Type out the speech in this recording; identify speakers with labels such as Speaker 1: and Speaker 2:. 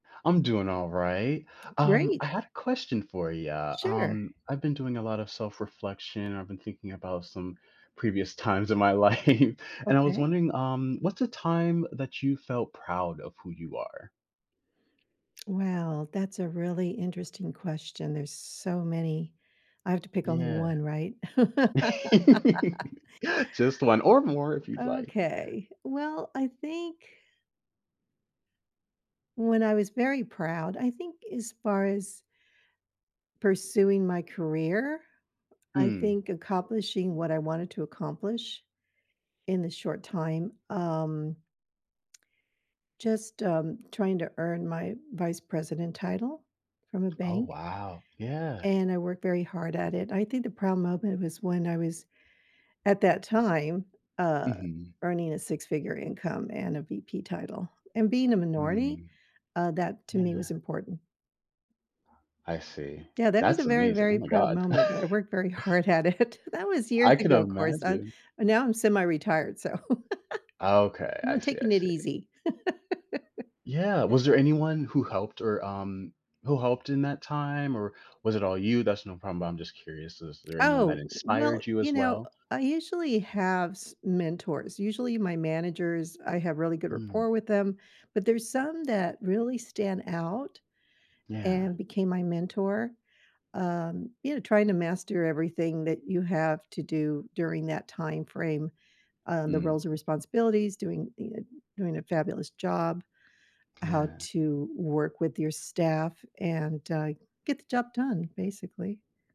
Speaker 1: I'm doing alright. Um,
Speaker 2: Great.
Speaker 1: I had a question for ya,
Speaker 2: Sure.
Speaker 1: um, I've been doing a lot of self reflection. I've been thinking about some previous times in my life, and I was
Speaker 2: Okay.
Speaker 1: wondering, um, what's the time that you felt proud of who you are?
Speaker 2: Well, that's a really interesting question, there's so many. I have to pick only
Speaker 1: Yeah.
Speaker 2: 1, right?
Speaker 1: Just 1 or more if you'd like.
Speaker 2: Okay. Well, I think when I was very proud, I think as far as pursuing my career, I
Speaker 1: Hmm.
Speaker 2: think accomplishing what I wanted to accomplish in the short time, um just, um, trying to earn my Vice President title from a
Speaker 1: Oh,
Speaker 2: bank,
Speaker 1: wow. Yeah.
Speaker 2: and I worked very hard at it. I think the proud moment was when, I was at that time, uh,
Speaker 1: Mhm.
Speaker 2: earning a 6 figure income and a VP title, and being a minority,
Speaker 1: Mm.
Speaker 2: uh, that to me was
Speaker 1: Yeah.
Speaker 2: important.
Speaker 1: I see.
Speaker 2: Yeah, that was a
Speaker 1: That's
Speaker 2: very,
Speaker 1: amazing, oh
Speaker 2: very
Speaker 1: my
Speaker 2: proud
Speaker 1: god.
Speaker 2: moment, I worked very hard at it. That was years
Speaker 1: I can
Speaker 2: ago, ‘course, uh,
Speaker 1: imagine.
Speaker 2: now I'm semi retired, so,
Speaker 1: Okay.
Speaker 2: now
Speaker 1: I
Speaker 2: I'm
Speaker 1: see, I
Speaker 2: taking it
Speaker 1: see.
Speaker 2: easy.
Speaker 1: Yeah. Was there anyone who helped or, um who helped in that time, or was it all you? That's no problem, but I'm just curious, is there anyone that
Speaker 2: Oh,
Speaker 1: inspired
Speaker 2: well,
Speaker 1: you
Speaker 2: you
Speaker 1: as
Speaker 2: know,
Speaker 1: well?
Speaker 2: uh, I usually have s mentors. Usually my managers, I have really good
Speaker 1: Mm.
Speaker 2: rapport with them, but there's some that really stand out
Speaker 1: Yeah.
Speaker 2: and became my mentor, um, you know, trying to master everything that you have to do during that time frame, uh, the
Speaker 1: Mm.
Speaker 2: roles and responsibilities, doing ee uh doing a fabulous job, how
Speaker 1: Yeah.
Speaker 2: to work with your staff, and, uh, get the job done, basically.